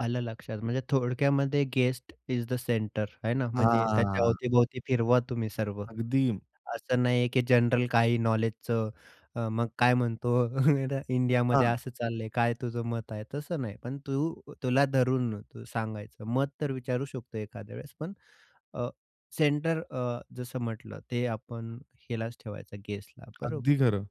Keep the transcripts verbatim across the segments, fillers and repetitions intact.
आलं लक्षात. म्हणजे थोडक्यामध्ये गेस्ट इज द सेंटर आहे ना म्हणजे त्याच्या हां. अवतीभोवती फिरवा तुम्ही सर्व. अगदी. असं नाही आहे की जनरल काही नॉलेजचं अ, मग काय म्हणतो, इंडियामध्ये हां. असं चाललंय, काय तुझं मत आहे? तसं नाही. पण तू अ, तुला धरून तू सांगायचं. मत तर विचारू शकतो एखाद्या वेळेस पण अ, सेंटर अ, जसं म्हटलं ते आपण हिलाच ठेवायचं, गेस्टला अगदी बरोबर? खरं.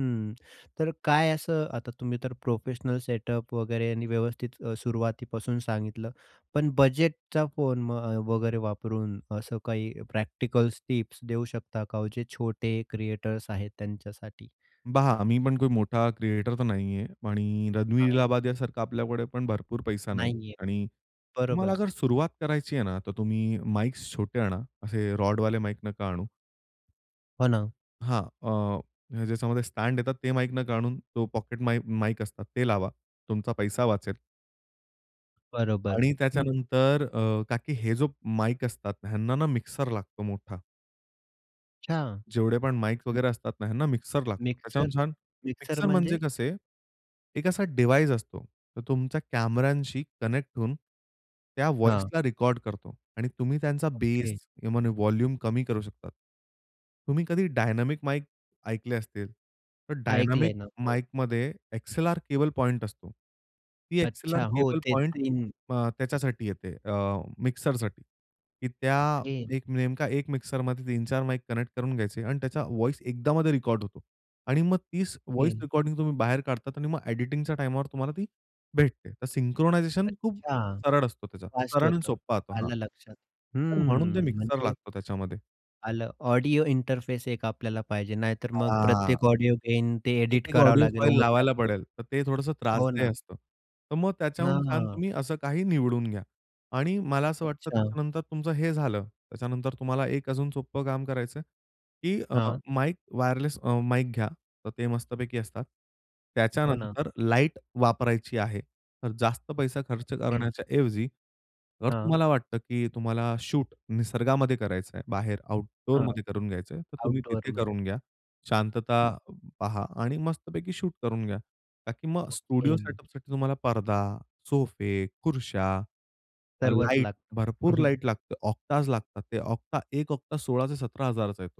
हं, तर काय असं आता तुम्ही तर प्रोफेशनल सेटअप वगैरे आणि व्यवस्थित सुरुवातीपासून सांगितलं. पण बजेटचा फोन अ, वगैरे वापरून असं काही प्रॅक्टिकल्स टिप्स देऊ शकता का हो म्हणजे जे छोटे क्रिएटर्स आहेत त्यांच्यासाठी? बहा आम्ही पण कोणी मोठा क्रिएटर तर नाही आहे आणि रणवीर हां. इलाहाबादिया सारखा आपल्याकडे पण भरपूर पैसा नाही नाही आहे, आणि तुम्हाला बरोबर. अगर सुरुवात करायची आहे ना तर तुम्ही माईक छोटे आणा. असे रोड वाले माईक नका आणू. हो ना. हां, अ, ज्याच्यामध्ये स्टॅड येतात ते माईक न आणून तो पॉकेट माई माईक असतात ते लावा. तुमचा पैसा वाचेल. बरोबर, आणि हं. त्याच्यानंतर अ, का की हे जो माइक असतात ह्यांना ना मिक्सर लागतो मोठा. अच्छा. जेवढे पण माइक वगैरे असतात ना ह्यांना मिक्सर लागतो, मिक्सर त्याच्याहून छान. मिक्सर मिक्सर म्हणजे म्हणजे? कसे? एक असा डिव्हाइस असतो तो तुमच्या कॅमेरांशी कनेक्ट होऊन, त्या हां. व्हॉइसला रेकॉर्ड करतो आणि तुम्ही त्यांचा बेस ओके. किंवा व्हॉल्युम कमी करू शकता. तुम्ही कधी डायनामिक माइक ऐकले असतील? तर डायनामिक ऐकलंय ना, हो. माइकमध्ये एक्सएलआर केबल पॉइंट असतो. ती एक्सएलआर अच्छा. हो केबल ते पॉइंट तीन. अ, त्याच्यासाठी येते अ, मिक्सरसाठी, की त्या ओके. नेमका एक मिक्सरमध्ये तीन चार माईक कनेक्ट करून घ्यायचे अन् त्याचा व्हॉइस एकदामध्ये रेकॉर्ड होतो आणि मग तीच व्हॉइस ओके. रेकॉर्डिंग तुम्ही बाहेर काढतात आणि मग एडिटिंगच्या टाईमवर तुम्हाला ती भेटते. तर सिंक्रोनायझेशन खूप अच्छा सरळ असतो त्याचा फास्ट सरळ आणि होतं. सोप्पा असतो हां, आलं लक्षात. तर म्हणून ते हं, मिक्सर म्हणजे लागतो त्याच्यामध्ये. आलं, ऑडिओ इंटरफेस एक आपल्याला पाहिजे. नाहीतर मग हां. प्रत्येक ऑडिओ गेन ते एडिट एक-एक करावं ऑडिओ लागेल फाइल लावायला ओव्हरलॅपच पडेल. तर ते थोडंसं हो त्रासदेय ना. असतं. तर मग त्याच्याहून छान हां. तुम्ही असं काही निवडून घ्या आणि मला असं वाटतं अच्छा. त्याच्यानंतर तुमचं हे झालं, त्याच्यानंतर तुम्हाला एक अजून सोपं काम करायचंय, की अ, हां. माईक वायरलेस अ, माईक घ्या. तर ते मस्तपैकी असतात. हो ना. त्याच्यानंतर लाईट वापरायची आहे तर जास्त पैसा खर्च ओके. करण्याच्या ऐवजी जर हां. तुम्हाला वाटतं, की तुम्हाला शूट निसर्गामध्ये करायचं आहे, बाहेर हां, आउटडोअरमध्ये करून घ्यायचंय तर तुम्ही तिथे आउटडोअरमध्ये. करून घ्या. शांतता पहा आणि मस्तपैकी शूट करून घ्या. का की मग स्टुडिओ ओके. सेटअपसाठी तुम्हाला पडदा, सोफे, खुर्च्या, अ, सर्वच लाईट लागतं. हं, भरपूर हं. लाईट लागते, ऑक्टाज लागतात ते. ऑक्टा एक ऑक्टा सोळा ते सतरा हजार चा येतो.